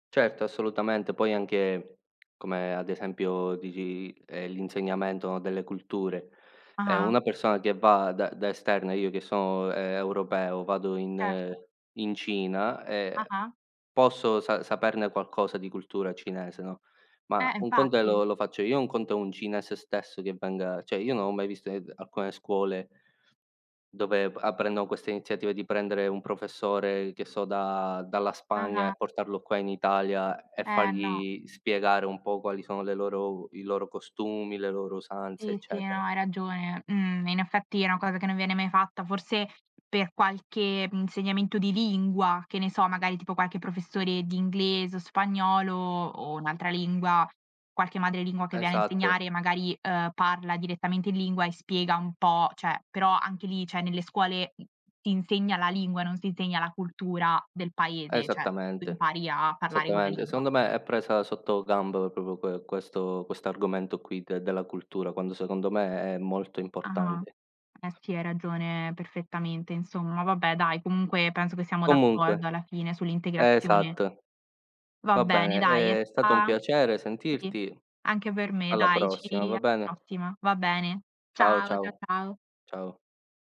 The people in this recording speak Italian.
Certo, assolutamente. Poi anche come ad esempio dici, ehm, l'insegnamento delle culture. Ehm, Ah-ah. una persona che va da da esterna, io che so', ehm, europeo, vado in Certo. in Cina e Ah-ah. posso sa saperne qualcosa di cultura cinese, no, Eh, ma un conto è infatti. lo lo faccio io, un conto è un cinese stesso che venga cioè, io non ho mai visto in ed alcune scuole dove p apprendono queste iniziative di prendere un professore, che so, da dalla Spagna Ah-ah. e portarlo qua in Italia e Eh, no. fargli spiegare un po' quali sono le loro u i loro costumi, le loro usanze, Sì, sì, eccetera. no, hai ragione. Mhmm, in effetti è una cosa che non viene mai fatta. Forse per qualche, mhmm, insegnamento di lingua, che ne so, magari tipo qualche professore di inglese, o spagnolo, o un'altra lingua, qualche madre lingua che viene a Esatt insegnare magari, uhm, parla direttamente in lingua e spiega un po' cioè, però anche lì, cioè, nelle scuole, m ti insegna la lingua, non si insegna la cultura del paese, cioè, tu Esattamente, impari a parlare quella esattamente. lingua. Secondo me è presa sotto gamb proprio que questo quest'argomento qui de della cultura, quando secondo me è molto Ah-ah. importante. Eh sì, hai ragione perfettamente insomma. Vabbè dai, comunque penso che siamo Comunque, d'accordo alla fine sull'integrazione. esatt Va va bene, bene, dai è ehm è stato un sta piacere sì, sentirti. anche per me, Alla dai, ci prossima, va alla bene? prossima. Va bene. Ciao, Ciao, cia ciao. ciao. Ciao.